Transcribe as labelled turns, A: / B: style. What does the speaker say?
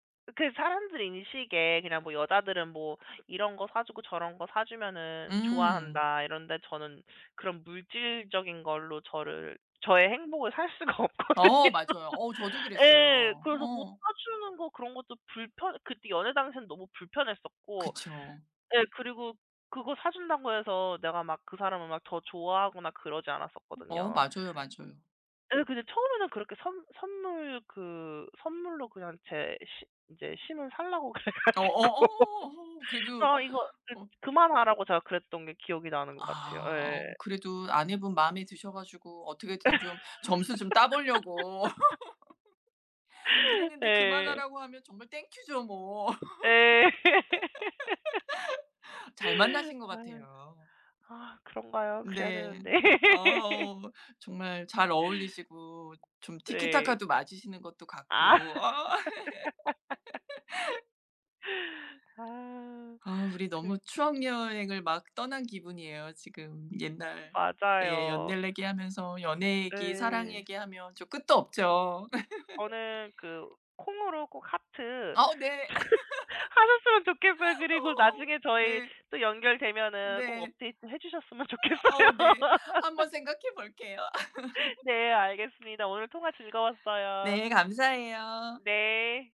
A: 그 사람들 인식에 그냥 뭐 '여자들은 뭐 이런 거 사 주고 저런 거 사 주면은
B: 음.
A: 좋아한다.' 이런데 저는 그런 물질적인 걸로 저를 저의 행복을 살 수가 없거든요.
B: 어 맞아요. 어 저도
A: 예.
B: 그랬어요.
A: 그래서 뭐
B: 어.
A: 사 주는 거 그런 것도 불편 그때 연애 당시에는 너무 불편했었고
B: 그쵸.
A: 예 그리고 그거 사 준다고 해서 내가 막 그 사람을 더 좋아하거나 그러지
B: 어.
A: 않았었거든요.
B: 맞아요, 맞아요.
A: 예 근데 처음에는 그렇게 선 선물 그 선물로 그냥 제 시 이제 심을 살라고 그래
B: 어어
A: 가지고
B: 어. 어. 그래도
A: 아 이거 좀
B: 어
A: 그만하라고 제가 그랬던 게 기억이 나는 것 같아요.
B: 아. 어
A: 예.
B: 그래도 아내분 마음에 드셔 가지고 어떻게든 좀 점수 좀 따 보려고 그랬는데
A: 예.
B: 그만하라고 하면 정말 땡큐죠 뭐.
A: 예.
B: 잘 만나신 것
A: 아.
B: 같아요.
A: 아 그런가요? 그래야
B: 네.
A: 되는데.
B: 어 정말 잘 어울리시고 좀
A: 네.
B: 티키타카도 맞으시는 것도
A: 아.
B: 같고. 어.
A: 아.
B: 아 우리 너무
A: 그
B: 추억 여행을 막 떠난 기분이에요 지금. 옛날 예
A: 맞아요.
B: 옛날 얘기하면서 연애 얘기, 사랑
A: 네.
B: 얘기하면 좀 끝도 없죠.
A: 저는 그 콩으로 꼭 하트
B: 아으 네.
A: 하셨으면 좋겠어요. 그리고
B: 어.
A: 나중에 저희
B: 네.
A: 또 연결되면은 꼭
B: 네.
A: 업데이트 해 주셨으면
B: 어. 어우 네.
A: 좋겠어요.
B: 한번 생각해 볼게요.
A: 네. 알겠습니다. 오늘 통화 즐거웠어요.
B: 네 감사해요.
A: 네.